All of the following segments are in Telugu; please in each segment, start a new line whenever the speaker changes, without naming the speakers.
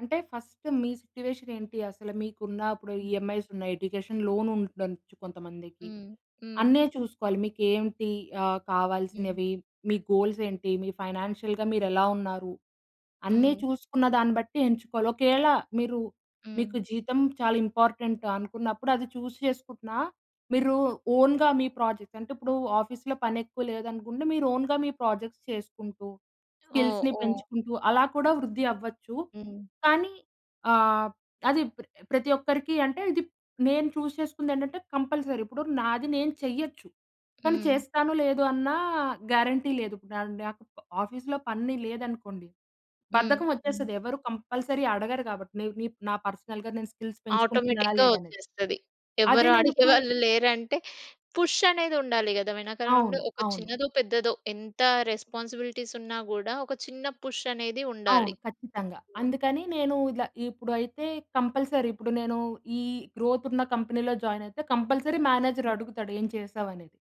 అంటే ఫస్ట్ మీ సిట్యుయేషన్ ఏంటి, అసల మీకు ఉన్నా‌ అప్పుడు
హ్మ్.
ఈఎంఐస్ ఉన్నయి, ఎడ్యుకేషన్ లోన్ ఉండచ్చు కొంతమందికి.
హ్మ్. హ్మ్.
అన్నీ చూసుకోవాలి మీకేమిటి ఆహ్,
హ్మ్.
కావాల్సినవి, మీ గోల్స్ ఏంటి? మీ ఫైనాన్షియల్‌‌గా మీరు ఎలా ఉన్నారు? అన్నీ
హ్మ్.
చూసుకున్న దాన్ని బట్టి ఎంచుకోవాలి. ఒకయేళ మీరు
హ్మ్.
మీకు జీతం చాలా ఇంపార్టెంటా అనుకున్నప్పుడు అది చూజ్ చేసుకుంటున్నా, మీరు ఓన్‌గా మీ ప్రాజెక్ట్స్ అంటిప్పుడు ఆఫీస్‌లో పని ఎక్కువ లేదనుకుంటే మీరు ఓన్‌గా మీ ప్రాజెక్ట్స్ చేసుకుంటూ,
ఓహ్!
స్కిల్స్‌ని
ఓహ్!
పెంచుకుంటూ అలా కూడా వృద్ధి అవ్వచ్చు.
హ్మ్.
కానీ ఆహ్, అది ప్రతి ఒక్కరికి అంటే ఇది నేను చూ‌జ్ చేసుకుంది ఏంటంటే కంపల్సరీ ఇప్పుడు నాది నేను చేయొచ్చు, కానీ
హ్మ్.
చేస్తానో లేదో అన్న గ్యారంటీ లేదు. నా నాకు ఆఫీస్‌లో పని లేదనుకోండి
హ్మ్.
బద్ధకం
హ్మ్.
వచ్చేస్తది. ఎవరు కంపల్సరీ అడగరు కాబట్టి నిక్ నా పర్సనల్‌గా నేను స్కిల్స్ పెంచుకుంటున్నానా
ఆటోమేటిక్‌గా
లేదా అనేది.
వచ్చేస్తది.
అదే
ఎవరు
నేను ఇప్పుడు
అడిగేవాళ్ళు లేరంటే, పుష్ అనేది ఉండాలి కదా! వెనకాల నుండి
అవును.
ఒక
అవును.
చిన్నదో పెద్దదో ఎంత రెస్‌పాన్స్‌బిలిటీస్ ఉన్నా గూడా ఒక చిన్న పుష్ అనేది
అవును.
ఉండాలి.
ఖచ్చితంగా. అందుకని నేను ఇలా, ఇప్పుడు అయితే కంపల్సరీ, ఇప్పుడు నేను ఈ గ్రోత్ ఉన్న కంపెనీ‌లో జాయిన్ అయితే కంపల్సరీ మేనేజర్
హ్మ్.
అడుగుతాడు, ఏం చేసావ్ అనేది?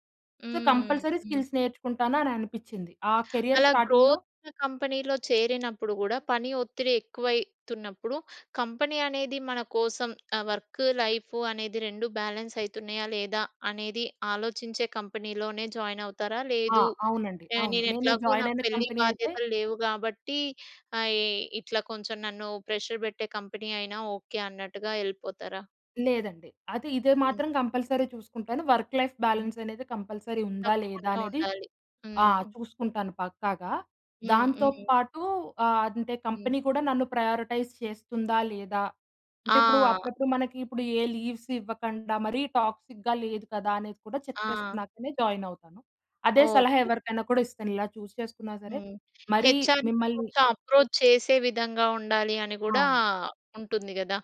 సో
హ్మ్.
కంపల్సరీ
హ్మ్.
స్కిల్స్ నేర్చుకుంటాను అని అనిపిచ్చింది. ఆ కేరియర్
అలా
స్టార్టింగ్‌లో
గ్రోత్ కంపెనీలో చేరినప్పుడు గూడా పని ఒత్తిడి ఎక్కువైతున్నప్పుడు, కంపెనీ అనేది మన కోసం ఆ వర్క్, లైఫు అనేది 2 బ్యాలెన్స్ అయితున్నాయా లేదా అనేది ఆలోచించే కంపెనీలోనే జాయిన్ అవుతారా?
ఆ!
లేదు,
అవునండి. అవును.
నేను
నేనె
ఎట్లాగో
జాయిన్
నాకు
అయిన
పెళ్లి
కంపెనీ అయితే
బాధ్యతలు లేవు కాబట్టి ఆహ్, యె ఇట్లా కొంచెం నన్ను ప్రెషర్ పెట్టే కంపెనీ అయినా ఓకే అన్నట్టుగా ఎళ్ళిపోతారా?
లేదండి. అది ఇదే
హ్మ్.
మాత్రం కంపల్సరీ చూసుకుంటాను. Work life
hmm.
బ్యాలెన్స్ అనేది కంపల్సరీ ఉందా లేదా
తప్పకుండా
అనేది,
ఉండాలి.
ఆ!
హ్మ్.
చూసుకుంటాను పక్కాగా.
హ్మ్.
దాంతో
హ్మ్.
పాటు ఆహ్, అంటే,
హ్మ్.
కంపెనీ కూడా నన్ను ప్రయారిటైజ్ చేస్తుందా లేదా? అంటే ఇప్పుడు,
ఆ!
అప్పుడప్పుడు మనకి ఇప్పుడు ఏ లీవ్స్ ఇవ్వకండా మరీ టాక్సిక్‌గా లేదు కదా అనేది కూడా చెక్
ఆ!
చేసుకున్నాకనే జాయిన్ అవుతాను. అదే సలహా
ఓకే.
ఎవరికైనా కూడా ఇస్తాను ఇలా చూజ్ చేసుకున్నా సరే
హ్మ్.
మరీ
హెచ్‌ఆర్‌ని
మిమ్మల్ని
కొంచెం అప్రోచ్ చేసే విధంగా ఉండాలి అని గూడా
అవును.
ఉంటుంది గదా!